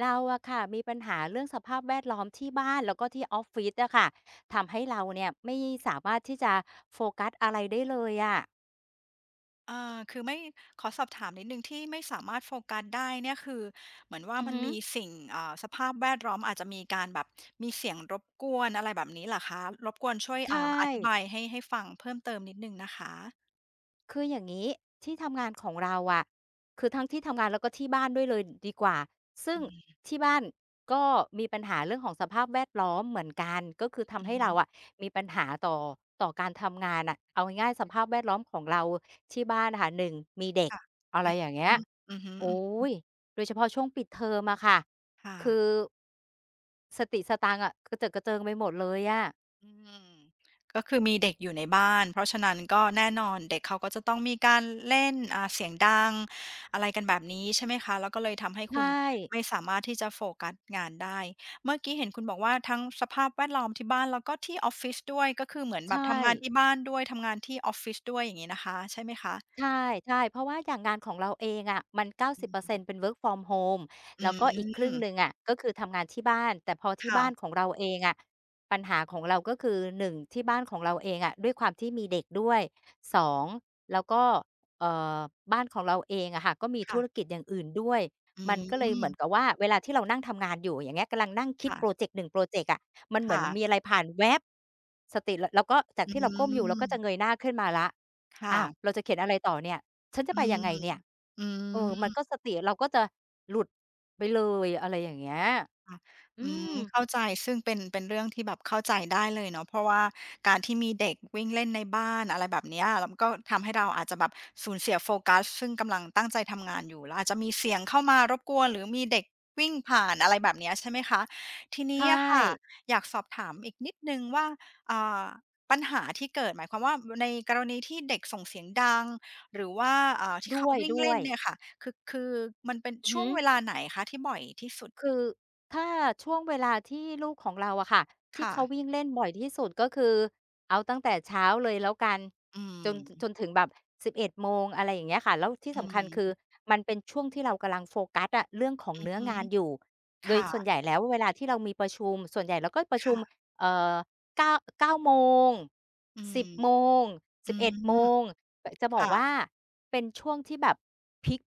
เราอะค่ะ มีปัญหาเรื่องสภาพแวดล้อมที่บ้าน แล้วก็ที่ออฟฟิศอะค่ะ ทำให้เราเนี่ยไม่สามารถที่จะโฟกัสอะไรได้เลยอะ อ่า คือไม่ ขอสอบถามนิดหนึ่ง ที่ไม่สามารถโฟกัสได้เนี่ย คือ เหมือนว่าอือมัฮนึ มีสิ่ง อ่า สภาพแวดล้อมอาจจะมีการแบบ มีเสียงรบกวน อะไรแบบนี้เหรอคะ? รบกวนช่วย ใชอ่า อธิบ่ ายให้ ให้ฟังเพิ่มเติมนิดหนึ่งนะคะ คืออย่างงี้ ที่ทำงานของเราอะ คือทั้งที่ทำงาน แล้วก็ที่บ้านด้วยเลยดีกว่า ซึอ่ืงม ที่บ้านก็มีปัญหาเรื่องของสภาพแวดล้อมเหมือนกัน ก็คือทอำใืหอ้ฮเึ ราอะมีปัญหาต่อ ต่อการทำงานน่ะ เอาง่าย ๆ สภาพแวดล้อมของเราที่บ้านอะค่ะ 1 มีเด็คก ่ะ อะไอรืม อย่างเงี้ย อือฮึ โอๆ อื๊ม ย... โดยเฉพาะช่วงปิดเทอมอะค่ะ ค่คืะ อ สติสตังอะ กระเจิดกระเจิงไปหมดเลยอะ อืม ก็คือมีเด็กอยู่ในบ้าน เพราะฉะนั้น ก็แน่นอนเด็กเขา ก็จะต้องมีการเล่น อ่า เสียงดัง... อะไรกันแบบนี้ ใช่ไหมคะ? แล้วก็เลยทำให้ใชคุณ ่ ไม่สามารถที่จะโฟกัสงานได้ เมื่อกี้เห็นคุณบอกว่า ทั้งสภาพแวดล้อมที่บ้าน แล้วก็ที่ออฟฟิศด้วย ก็คือเหมือนใชแบบทำงาน่ ที่บ้านด้วย ทำงานที่ออฟฟิศด้วย อย่างงี้นะคะ ใช่ไหมคะ? ใช่ ๆ เพราะว่าอย่างงานของเราเองอะ มัน เก้าอสืิบเปอร์เซ็นตม ์ เป็น work from home อแืล้วก็อีกครึ่งม หนึ่งอะ ก็คือทำงานที่บ้าน แต่พอทีค่่บ้าะ นของเราเองอะ ปัญหาของเรา ก็คือ 1 ที่บ้านของเราเองอะ ด้วยความที่มีเด็กด้วย 2 แล้วก็ เอ่อ บ้านของเราเองอะค่ะ ก็มีคธ่ะ ุรกิจอย่างอื่นด้วย อืมันก็เลยเหมืม อนกับว่า เวลาที่เรานั่งทำงานอยู่ อย่างเงี้ย กำลังนั่งคคิด่พระ อเจกต์ 1 พรอเจกต์อะ มันเคหมื่อนมะ ีอะไรผ่านแว็บ สติ ร แล้วก็จาอกืที่เราก้มอยู่ เราก็จะม เงยหน้าขึ้นมาแล้ว ค่อ้าะ ว! เราจะเขียนอะไรต่อเนี่ย? ฉันจอะืไปยังไงม เนี่ย? อืเออ มันม ก็สติเราก็จะหลุดไปเลย อะไรอย่างเงี้ย ค่ะ ออืืม ม... เข้าใจ ซึ่งเป็น เป็นเรื่องที่แบบเข้าใจได้เลยเนาะ เพราะว่าการ ที่มีเด็กวิ่งเล่นในบ้าน อะไรแบบเนี้ย แล้วมันก็ทำให้เราอาจจะแบบสูญเสียโฟกัส ซึ่งกำลังตั้งใจทำงานอยู่ แล้วอาจจะมีเสียงเข้ามารบกวนหรือมีเด็กวิ่งผ่าน อะไรแบบเนี้ย ใช่ไหมคะ? ทีนใชี้อะค่ะ ่ อยากสอบถามอีกนิดหนึ่งว่า อ่า ปัญหาที่เกิดหมายความว่า ว ในกรณีที่เด็กส่งเสียงดัง หรือว่า อ่า ที่ดเข้าวย วิ่งด้เลว่นย เนี่ยค่ะ คือ คือมันเป็นอือชฮ่ึ วงเวลาไหนคะ ที่บ่อยที่สุด? คือ ถ้าช่วงเวลาที่ลูกของเราอะค่ะ ทคี่่เขาะ วิ่งเล่นบ่อยที่สุด ก็คือเอาตั้งแต่เช้าเลยแล้วกัน อืจน ถ จม นถึงแบบ 11 โมง อะไรอย่างเงี้ยค่ะ แล้วที่อืสำคัญ คือ ม มันเป็นช่วงที่เรากำลังโฟกัสอะ เรื่องของอืเนอื้อฮึ งานอยู่ คโดย่ส่วนะ ใหญ่แล้วเวลาที่เรามีประชุม ส่วนใหญ่เราก็ประคชุ่ม ะ เอ่อ 9- 9:00 โมง อืสม ิบ โมง สอืิบเอ็ด โมม ง แต่จะบคอก่ะ ว่า เป็นช่วงที่แบบ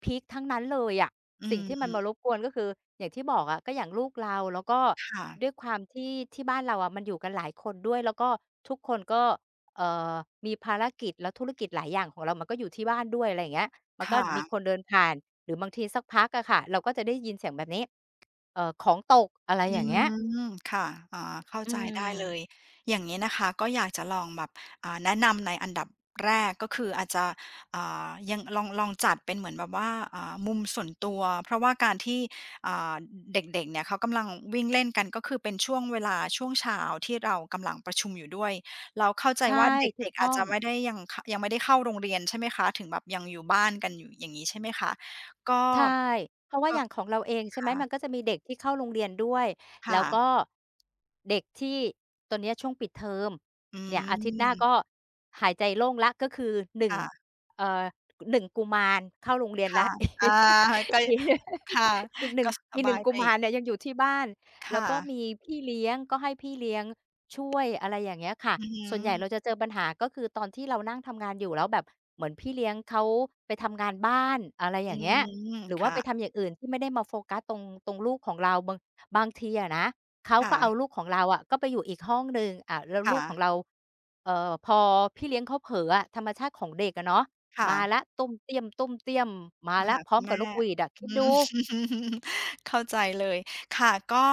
พีก ๆ ทั้งนั้นเลยอะ อืสิ่งม ที่มันมารบกวน ก็คืออย่างที่บอกอะ ก็อย่างลูกเรา แล้วก็ค่ะ ด้วยความที่ที่บ้านเราอะ มันอยู่กันหลายคนด้วย แล้วก็ทุกคนก็ เอ่อ มีภารกิจและธุรกิจหลายอย่างของเรา มันก็อยู่ที่บ้านด้วย อะไรอย่างเงี้ย มันคก็่มีะ คนเดินผ่าน หรือบางทีสักพักอะค่ะ เราก็จะได้ยินเสียงแบบนี้ เอ่อ ของตก อะไรอือย่างเงี้ย ม ค่ะ อ๋อ เข้าอืใจได้เลม ย อย่างเงี้ยนะคะ ก็อยากจะลองแบบ อ่า แนะนำในอันดับแรก ก็คืออาจจะ อ่า ยัง ลอง ลองจัดเป็นเหมือนแบบว่า อ่า มุมส่วนตัว เพราะว่าการที่ อ อ่า เด็ก ๆ เนี่ยเขากำลังวิ่งเล่นกัน ก็คือเป็นช่วงเวลา ช่วงเช้าที่เรากำลังประชุมอยู่ด้วย เราเข้าใจใช่ ว่าเถูดก็ก ตๆ อ้าอจจง ะไม่ได้ยัง ข ยังไม่ได้เข้าโรงเรียนใช่ไหมคะ? ถึงแบบยังอยู่บ้านกันอยู่ อย่างงี้ใช่ไหมคะ? ก็ ใช่ เพราะว่าก็ อย่างของเราเอง ใช่คไหม ่ะ มันก็จะมีเด็กที่เข้าโรงเรียนด้วย คแล้่วะ ก็ เด็กที่ตอนเนี้ยช่วงปิด เทอม อืเนี่ยอาทิตย์หน้าม ก็หายใจโล่งแล้ว ก็คือ หนึ่คง ่ะ เอ่อ ก 1 กุมารเข้าโรงเรียนคแล่้ะ ว อา ก็ ย ค่ะ อีก หนึ่กง ็สอีก บหนึ่าง ยกไุปมอาีก รเนี่ยยังอยู่ที่บ้าน คแล้่วก็ะ มีพี่เลี้ยง ก็ให้พี่เลี้ยงช่วย อะไรอย่างเงี้ยค่ะ อือฮส่วนใหญ่เรึ าจะเจอปัญหา ก็คือตอนที่เรานั่งทำงานอยู่แล้วแบบ เหมือนพี่เลี้ยงเขาไปทำงานบ้าน... อะไรออยื่างเงี้ย ม หรือคว่า่ไปะ ทำอย่างอื่นที่ไม่ได้มาโฟกัสตรง ตรงลูกของเรา บาง บางทีอะนะ เขาค่ก็เอาะ ลูกของเราอะก็ไปอยู่อีกห้องหนึ่ง อ่า แล้วคลู่กขะ องเรา เอ่อ พอพี่เลี้ยงเขาเผลออะ ธรรมชาติของเด็กอะเนาะ ค่มาะ แล้ว ต้วมเตี้ยม ๆ มามาแล้หว าพรค้อุมณแกัมบ่ นกหวีดอะ คอิืด ดู ม เข้าใจเลย ค่ะ ก็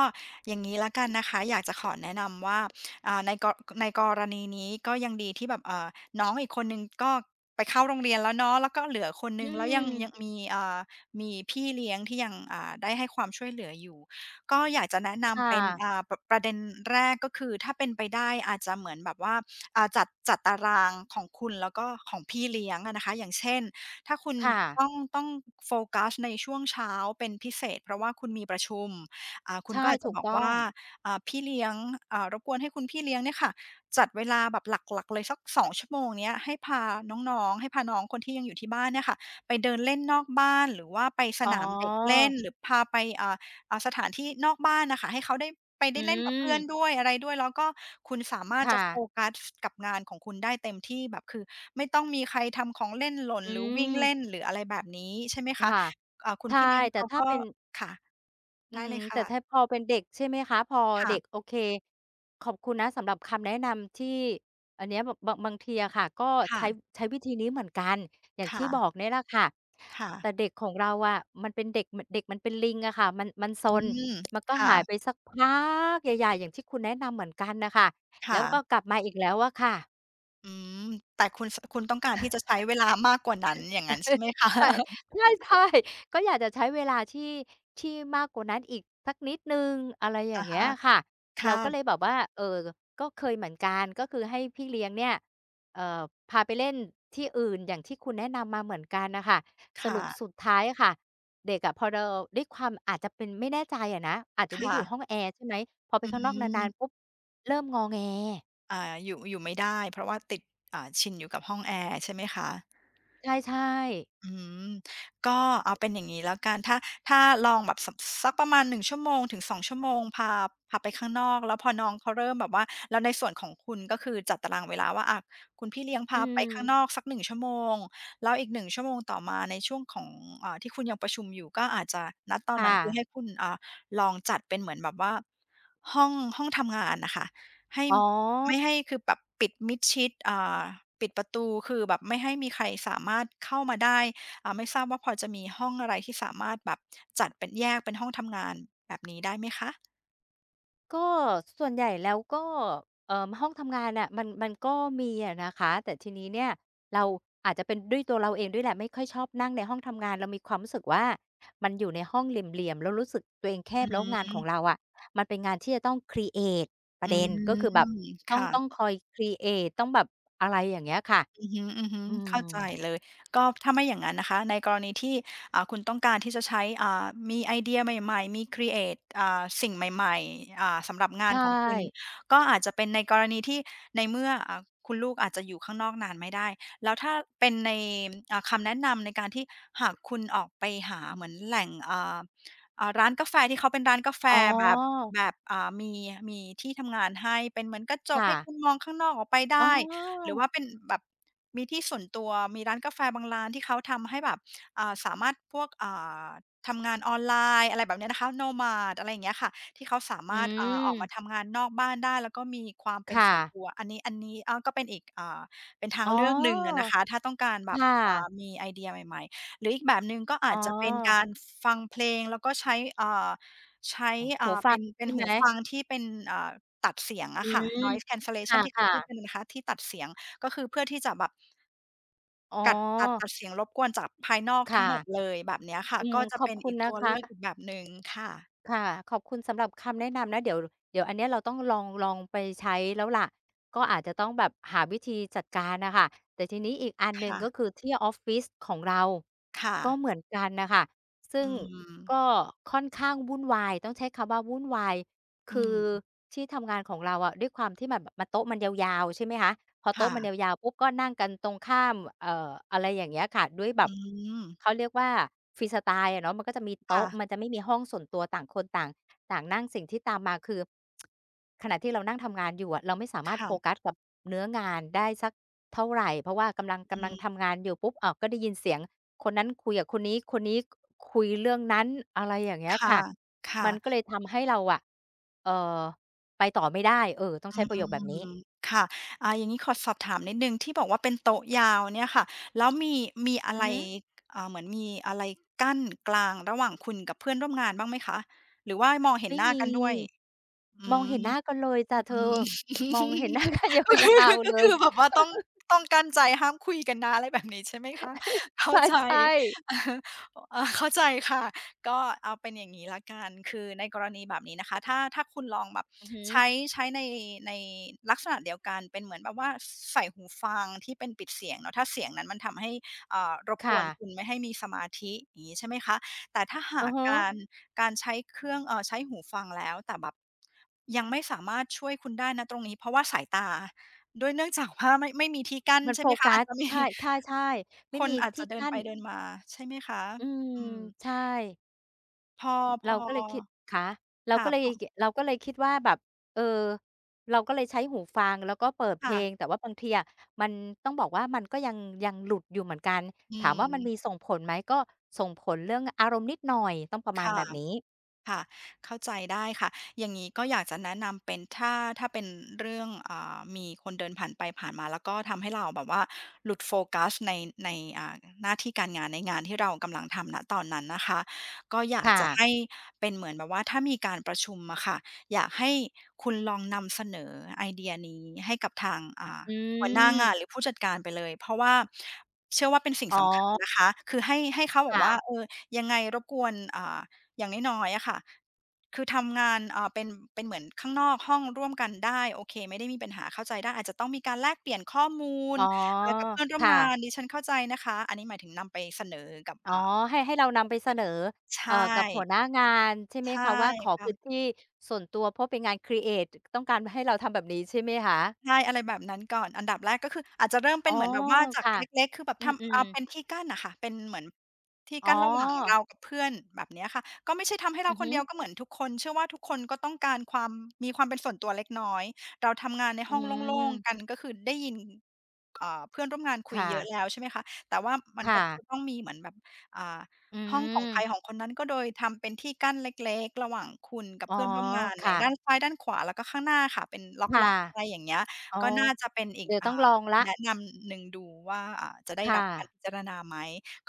อย่างงี้แล้วกันนะคะ อยากจะขอแนะนำว่า อ่า ใน ก ในกรณีนี้ก็ยังดีที่แบบ อ่า น้องอีกคนหนึ่งก็ไปเข้าโรงเรียนแล้วเนาะ แล้วก็เหลือคนหอนืึ่ง แล้วยัง ยม ังมี อ่า มีพี่เลี้ยงที่ยัง อ่า ได้ให้ความช่วยเหลืออยู่ ก็อยากจะแนะนค่ำเป็น ะ อ่า ป ประเด็นแรก ก็คือถ้าเป็นไปได้อาจจะเหมือนแบบว่า อ่า จัด จัดตารางของคุณ แล้วก็ของพี่เลี้ยงอะนะคะ อย่างเช่น ถ้าคุณค่ะ ต้อง ต้อง โฟกัสในช่วงเช้าเป็นพิเศษ เพราะว่าคุณมีประ ชุม อ่า คใุชณ่ ก็อาจถจะูกบอตก้อว่า... ง อ่า พี่เลี้ยง อ่า รบกวนให้คุณพี่เลี้ยงเนี่ยค่ะ จัดเวลาแบบหลัก ๆ เลยสัก 2 ชั่วโมงเนี้ย ให้พาน้อง ๆ ให้พาน้องคนที่ยังอยู่ที่บ้านเนี่ยค่ะ ไปเดินเล่นนอกบ้าน หรือว่าไปสอ๋อ นามเด็กเล่น หรือพาไป อ่า อ่า สถานที่นอกบ้านน่ะค่ะ ให้เขาได้ ไปอได้เล่นกับเพื่อืม นด้วยอะไรด้วย แล้วก็คุณสามารคถ่จะโฟะ กัส กับงานของคุณได้เต็มที่ แบบคือไม่ต้องมีใครทำของเล่นหล่น อืหรือวิ่งเลม ่น หรืออะไรแบบนี้ ใช่ไหมอ คคะ ่ะ อ่า คุใชณ่ พี่เลี้ยงแตเ่ขาถ้ากเ็ ป็น ค่ะ อไืดอ้ฮเึ ลยคแต่่ะ ถ้าพอเป็นเด็ก ใช่ไหมคะ พอคเ่ด็ะ ก โอเค ขอบคุณนะสำหรับคำแนะนำที่ อันเนี้ยแบบบาง บางทีอะค่ะ ก็ค่ใช้ ะ ใช้วิธีนี้เหมือนกัน อย่างคท่ี่บะ อกเนี่ยแหละค่ะ ค่แตะ ่เด็กของเราอะ มันเป็นเด็ก ม เด็กมันเป็นลิงอะค่ะ มัน มันซอืน ม มันก็ค่หายะ ไปสักพัก... ใหญ่ ๆ อย่างที่คุณแนะนำเหมือนกันน่ะค่ะ คแล่้วก็ะ กลับมาอีกแล้วอะค่ะ อืม แต่คุณ ส คุณต้องการ ที่จะใช้เวลามากกว่านั้น อย่างงั้นใช่ไหม คะ? ใช่ ใช่ ๆ ก็อยากจะใช้เวลาที่ ที่มากกว่านั้นอีกสักนิดหนึ่ง อะไรอย่อาะงเงฮี้ยะ ค่ะ คเร่าก็ะ เลยแบบว่า เอ่อ ก็เคยเหมือนกัน ก็คือให้พี่เลี้ยงเนี่ย เอ่อ พาไปเล่นที่อื่นอย่างที่คุณแนะนำมาเหมือนกันน่ะค่ะ คส่รุปะ สุดท้ายอะค่ะ เด็กอะพอเรา ด้วยความอาจจะเป็น ไม่แน่ใจอะนะ อาจจะคได้่อยู่ะ ห้องแอร์ ใช่ไหม พอไปอืข้างนอกนาน ม ๆ ปุ๊บเริ่มงอแง อ่า อยู่ อยู่ไม่ได้เพราะว่าติด อ่า ชินอยู่กับห้องแอร์ใช่ไหมคะ? ใช่ ๆ อื้อฮือ ก็เอาเป็นอย่างงี้แล้วกัน ถ้า ถ้าลองแบบ ส ส สักประมาณ 1 ชั่วโมงถึง 2 ชั่วโมง พา พาไปข้างนอก แล้วพอน้องเขาเริ่มแบบว่า แล้วในส่วนของคุณ ก็คือจัดตารางเวลาว่า อ่า คุณพี่เลี้ยงพอืาไปข้างอ นอกสัก 1 ชั่วโมง แล้วอีก 1 ชั่วโมงต่อมาในช่วงของ อ่า ที่คุณยังประชุมอยู่ ก็อาจจะ ณ ตคอน่นั้นคือใะ ห้คุณ อ่า ลองจัดเป็นเหมือนแบบว่า ห้อง ห้องทำงานน่ะค่ะ ให้ อ๋ไอ ม่ให้ คือแบบปิดมิดชิด อ่า ปิดประตูคือแบบไม่ให้มีใครสามารถเข้ามาได้ อ่า ไม่ทราบว่าพอจะมีห้องอะไร ที่สามารถแบบจัดเป็น แยกเป็นห้องทำงานแบบนี้ได้ไหมคะ? ก็ส่วนใหญ่แล้วก็ เอ่อ ห้องทำงานน่ะ มัน มันก็มีอะนะคะ แต่ทีนี้เนี่ยเราอาจจะเป็นด้วยตัวเราเองด้วยแหละ ไม่ค่อยชอบนั่งในห้องทำงาน เรามีความรู้สึกว่า มันอยู่ในห้องเหลี่ยม ๆ แล้วรู้สึกตัวเองแคอบ แล้วงานขืม องเราอะ มันเป็นงานที่จะต้อง ครีเอต ปรอืะเด็นก็คม ือแบบ ตค้อง ่ต้ะ องคอย ครีเอต ต้องแบบ อะไรอย่างเงี้ยค่ะ อือฮึ อืๆ เข้าใจม เลย ก็ถ้าไม่อย่างงั้นนะคะ ในกรณีที่ อ่า คุณต้องการที่จะใช้ อ่า มีไอเดียใหม่ ๆ มี ครีเอต อ่า สิ่งใหม่ ๆ อ่า สำหรับงใชานของคุณ ่ ก็อาจจะเป็นในกรณีที่ ในเมื่อ อ่า คุณลูกอาจจะอยู่ข้างนอกนานไม่ได้ แล้วถ้าเป็นใน อ่า คำแนะนำในการที่หากคุณออกไปหาเหมือนแหล่ง อ่า อ่า ร้านกาแฟที่เค้าเป็นร้านกาแฟอ๋อ แบบ แบบ อ่า มี มีที่ทำงานให้เป็นเหมือนกระจคก่ให้คะ ุณมองข้างนอกออกไปไดอ้้ หรืออ ว่าเป็นแบบมีที่ส่วนตัว มีร้านกาแฟบางร้านที่เขาทำให้แบบ อ่า สามารถพวก อ่า ทำงานออนไลน์ อะไรแบบเนี้ยนะคะ nomad อะไรอย่างเงี้ยค่ะ ที่เขาสาอมืารถ อ่า ออกมาม ทำงานนอกบ้านได้ แล้วก็มีความเป็คน่ส่วนะ ตัว อันนี้ อันนี้ก็เป็นอีก อ่า เป็นทาอ๋งอ เลือกหนึ่งอะนะคะ ถ้าต้องการแคบบ ่อ่ะ า มีไอเดียใหม่ ๆ หรืออีกแบบหนึ่ง ก็ออา้จจะเป็นกอ ารฟังเพลง แล้วก็ใช้ อ่า ใช้ อหู่า ฟเัป็งน เปใช็น่ไหหูม? ฟังที่เป็น อ่า ตัดเสียงออืะค่ะ ม noise คcancellation ที่เข่าะ พูดๆ กันนะคะ ที่ตัดเสียง ก็คือเพื่อที่จะแบบ อ๋กัด ตัด อ ตัดเสียงรบกวนจากภายนอกคท่ั้งะ หมดเลยแบบเนี้ยค่ะ อืม ก็จะขอเปบ็นคุอณีกนตะัวคเละ ือกค่ะ อีกแบบหนึ่งค่ะ ค่ะ ขอบคุณสำหรับคำแนะนำนะ เดี๋ยว เดี๋ยวอันเนี้ยเราต้องลอง ลองไปใช้แล้วล่ะ ก็อาจจะต้องแบบหาวิธีจัดการน่ะค่ะ แต่ทีนี้อีกอันคหนึ่ง ่ก็ะ คือที่ออฟฟิศของเรา ค่ก็ะ เหมือนกันน่ะค่ะ ซึอ่ืงกม ็ค่อนข้างวุ่นวาย "ต้องใช้คำว่าวุ่นวาย" อคืือม ที่ทำงานของเราอะ ด้วยความที่แบบโต๊ะมันยาว ๆ ใช่ไหมคะ พอคโต๊่ะมันยะ าว ๆ ปุ๊บก็นั่งกันตรงข้าม เอ่อ อะไรอย่างเงี้ยค่ะ ด้วยแบอืบ ม เขาเรียกว่า ฟรีสไตล์อะเนาะ มันก็จะมีโตค๊่ะ ะ มันจะไม่มีห้องส่วนตัวต่างคนต่าง ต่างนั่ง สิ่งที่ตามมา คือขณะที่เรานั่งทำงานอยู่อะ เราไม่สามคารถ่โฟะ กัสกับเนื้องานได้สักเท่าไร เพราะว่ากำลัง กอืำลังม ทำงานอยู่ปุ๊บ อ้าว ก็ได้ยินเสียงคนนั้นคุยกับคนนี้ คนนี้คุยเรื่องนั้น อะไรอย่างเงี้ยค่คะ ่ะ ค่มันะ ก็เลยทำให้เราอะ เอ่อ ไปต่อไม่ได้ เอ่อ ต้องอใชื้ประโยคแบบนี้ ม ค่ะ อ่า อย่างงี้ขอสอบถามนิดหนึ่งที่บอกว่า เป็นโต๊ะยาวเนี่ยค่ะ แล้วมี มีอะอืไอร ฮึ อ่า เหมือนมีอะไรกั้นกลางระหว่างคุณกับเพื่อนร่วมงานบ้างไหมคะ? หรือว่ามองเห็ไมน่หน้ามี กันด้วย อืมองเห็นม หน้ากันเลยจ๊ะเธอือ ม มองเห็น หน้ากันยก็คือ าว ๆ กเ็ลคย ือแบบว่าต้อง ต้องกลั้นใจห้ามคุยกันนะ อะไรแบบนี้ใช่ไหมคะ เข้ใาใจ ช่ ๆ เอ่อ เข้าใจค่ะ ก็เอาเป็นอย่างงี้ละกัน คือในกรณีแบบนี้นะคะ ถ้า ถ้าคุณลองแบบอือฮึ ใช้ ใช้ใน ในลักษณะเดียวกันเป็นเหมือนแบบว่า ใส่หูฟังที่เป็นปิดเสียงเนาะ ถ้าเสียงนั้นมันทำให้ เอ่อ รบคก่วนะ คุณไม่ให้มีสมาธิ อย่างงี้ใช่ไหมคะ แต่ถ้าหอืาอกฮึ การ การใช้เครื่อง เอ่อ ใช้หูฟังแล้ว แต่แบบยังไม่สามารถช่วยคุณได้ ณ ตรงนี้ เพราะว่าสายตาด้วย เนื่องจากว่าไม่มีที่กั้นมันใชโ่ฟไหมคกะ อัาจ ส จะมี ใช่ ใช่ ๆ ไมค่นมีอาจทจีะ่เดิกนั้ไปน เดินมาใช่ไหมคะ? อืม อืม ใช่ พอ- อ พเราอ ก็เลยคิด คะ! เราค่ะ ก็เลย พอ อ กิ เราก็เลยคิดว่าแบบ เออ เราก็เลยใช้หูฟังแล้วก็เปิดคเพ่ละ ง แต่ว่าบางทีอะ มัน ต้องบอกว่ามันก็ยัง ยังหลุดอยู่เหมือนกัน [unintelligible] อืถามว่ามันม มีส่งผลไหม? ก็ ส่งผลเรื่องอารมณ์นิดหน่อย ต้องประมาคณ่แบบนี้ ะ ๆ เข้าใจได้ค่ะ อย่างงี้ก็อยากจะแนะนำเป็น ถ้า ถ้าเป็นเรื่อง อ่า มีคนเดินผ่านไปผ่านมา แล้วก็ทำให้เราแบบว่าหลุดโฟกัสใน ใน อ่า หน้าที่การงาน ในงานที่เรากำลังทำ ณ ตอนนั้นนะคะ ก็อยาคก่จะะ ให้เป็นเหมือนแบบว่า ถ้ามีการประชุมอะค่ะ อยากให้คุณลองนำเสนอไอเดียนี้ให้กับทาง อ่า อหัวหน้างืานม หรือผู้จัดการไปเลย เพราะว่าเชื่อว่าเป็นสิ่งอ๋สำคัญอ นะคะ คือให้ ให้เขาคบอ่กว่า ะ "เอ่อ ยังไงรบกวน อ่า อย่างน้อย ๆ อะค่ะ คือทำงาน อ่า เป็น เป็นเหมือนข้างนอกห้องร่วมกันได้ โอเค ไม่ได้มีปัญหาเข้าใจได้ อาจจะต้องมีการแลกเปลี่ยนข้อมูอล ๋อ เอ่อ กับเพื่อนรค่วม่งาะ น ดิฉันเข้าใจนะคะ" อันนี้หมายถึงนำไปเสนอกับ อ๋อ อ่า ให้ ให้เรานำไปเสนอ ใชเอ่อ กับหั่ วหน้างาน ใช่ไหใมช่คะว่า ขอคพ่ะ ื้นที่ ส่วนตัว เพราะเป็นงาน ครีเอต จ ต้องการให้เราทำแบบนี้ใช่ไหมคะ? ใช่ อะไรแบบนั้นก่อน อันดับแรกก็คือ อาจจะเริ่มเอป๋็อ นเหมือนแบบว่าจคาก่ะ เล็ก ๆ คือแบบอืทำ อ่ม า เปๆ ็นที่กั้นน่ะค่ะ เป็นเหมือนที่อ๋กั้นระหว่างเอ รากับเพื่อน แบบเนี้ยค่ะ ก็ไม่ใช่ทำให้เรอาือคฮนึ เดียว ก็เหมือนทุกคน เชื่อว่าทุกคนก็ต้องการความ มีความเป็นส่วนตัวเล็กน้อย เราทำงานในอืห้องโล่ง ม ๆ กัน ก็คือได้ยิน อ่า เพื่อนร่วมงานคุคย่เยอะ ะ แล้ว ใช่ไหมคะ แต่ว่ามันค่ก็จะ ะต้องมีเหมือนแบบ อ่า อืห้องของใคม รของคนนั้น ก็โดยทำเป็นที่กั้นเล็ก ๆ ระหว่างคุณกับอ๋เอ พื่อน ร่วมงานคแหล่ะ ด้ะ านซ้ายด้านขวาแล้วก็ข้างหน้าค่ะ เป็นลค่ะ ็อก ๆ อะไรอย่างเงี้ย อ๋อ ก็น่าจะเป็นอีเดก ี๋ยวอต่้องลา องแล้ว แนะนำหนึ่งดูว่า อ่า จะได้ค่รับการะ พิจารณาไหม?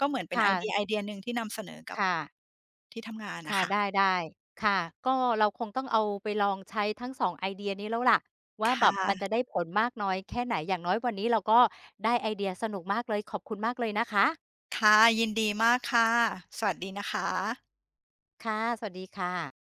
ก็เหมือนเปค็น่ไอเดีะ ยไอเดียหนึ่งที่นำเสนอกัคบ ่ะ ที่ทำงานคน่ะ่ะ ค่ะ ได้ ๆ ค่ะ ก็เราคงต้องเอาไปลองใช้ทั้ง 2 ไอเดียนี้แล้วแหละว่า คแบ่บมันจะะ ได้ผลมากน้อยแค่ไหน? อย่างน้อยวันนี้เราก็ได้ไอเดียสนุกมากเลย ขอบคุณมากเลยนะคะ ค่ะ ยินดีมากค่ะ สวัสดีนะคะ ค่ะ สวัสดีค่ะ